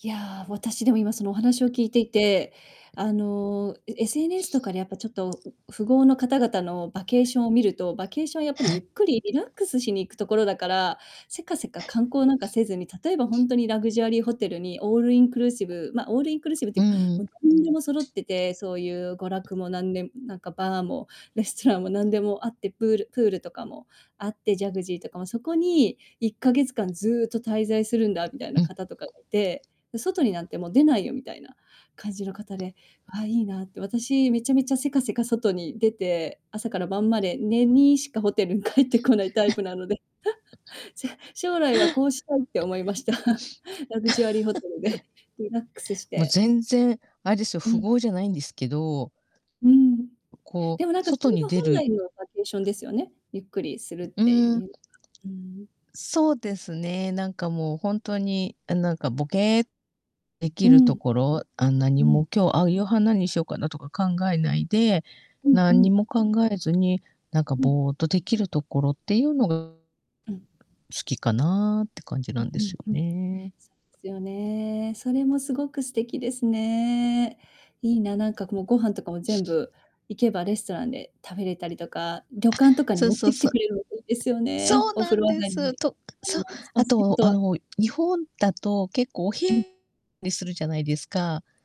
いや、私、でも、今、そのお話を聞いていて、あの、え SNS とかでやっぱちょっと、ん、富豪の方々のバケーションを見ると、バケーションはやっぱはりゆっい。くりリラックスしに行くところだから、せかせか観 光なんか せずに、例えば、ほんとにラグジュアリーホテルに、オールインクルーシブ、ま、オールインクルーシブってういうか、んうも、ん。なんでも揃ってて、そうゆう娯楽もなんでなんかバーも、レストランもなんでもあって、プールプールとかもあって、ジャクジーとかも、そこに1ヶ月間ずっと滞在するんだみたいうなん。方とかがいて、で、外になんてもう出ないよみたいな感じの方で、ああ、いいなって。私、めちゃめちゃ、せかせか外に出て、朝から晩まで寝にしかホテルに帰ってこないタイ プなので、じゃ、将来は こうしたいって思いました。ラグジュアリーホテルで リラックスしも、て全然あれですよ、う富ん。豪じゃないんですけどうん。こう、でも、なんかそ外れにが出本る来のバケーションですよね。ゆっくりするっうてーん。いう、うん。そうですね、なんかもうほんとに、あ、なんか、ぼけ、できうるとん。ころ、あんなに、うもん。今日、あ、夕飯なんにしようかなとか考えないで、うんなうんにん。も考えずに、なんかうん。ぼっとできるところってゆうのが好うん。きかなって感じなうんでうすんようん。でね。すよね、それもすごく素敵ですね。いいな、なんか、こう、ご飯とかも全部、行けばレストランで食べれたりとか、旅あ、館とかにそう持っそうてきそてう。くれるの、いいですよそね、うおな風ん呂上でがりす。に。と、あそんう、ま、スパ、銭後、あ湯の、日本だと結構おひうん。にするじゃないですか。